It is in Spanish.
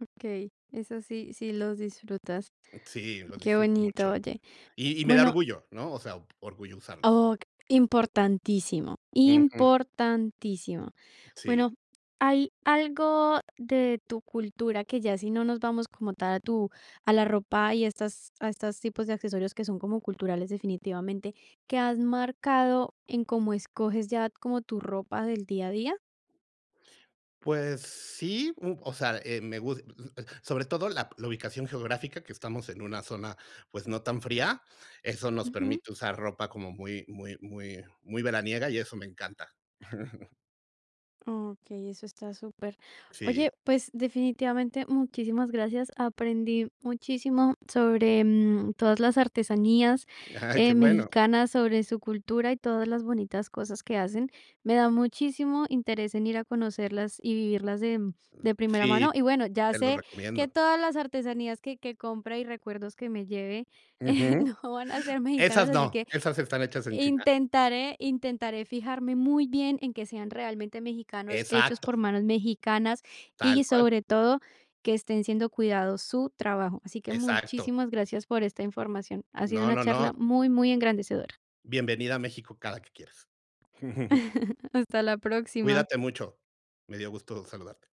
Okey, eso sí sí los disfrutas. Sí, lo Qué disfruto bonito, mucho. oye. Y y me da Bueno orgullo, ¿no? O sea, orgullo usarlos. Oh Importantísimo, Ujú. importantísimo. Sí. Bueno, ¿hay algo de tu cultura? Que ya si no nos vamos, como tal a tu a la ropa, y estas a estas tipos de accesorios, que son como culturales, definitivamente, ¿qué has marcado en cómo escoges ya como tu ropa del día a día? Pues sí, mm, o sea, eh, me gus sobre todo, la la ubicación geográfica, que estamos en una zona, pues, no tan fría. Eso nos Ujú. permite usar ropa como muy muy muy muy veraniega, y eso me encanta. Okey, eso está super. Oye, Sí. pues, definitivamente, muchísimas gracias. Aprendí muchísimo sobre, mm, todas las artesanías, Ay, eh, qué bueno. mexicanas, sobre su cultura, y todas las bonitas cosas que hacen. Me da muchísimo interés en ir a conocerlas y vivirlas de, mm, de primera Sí, mano. Y bueno, ya te lo sé que recomiendo. todas las artesanías, que que compre, y recuerdos que me lleve, Ujú. no van a ser mexicanos, Esas así no, que, esas están hechas en China. intentaré intentaré fijarme muy bien en que sean realmente mexicanos, hechos Exacto. por manos mexicanas Tal y, cual. sobre todo, que estén siendo cuidado su trabajo. Así que Exacto. muchísimas gracias por esta información, ha sido No una no no. charla muy, muy engrandecedora. Bienvenida a México cada que quieras. Hasta la próxima. Cuídate mucho. Me dio gusto saludarte.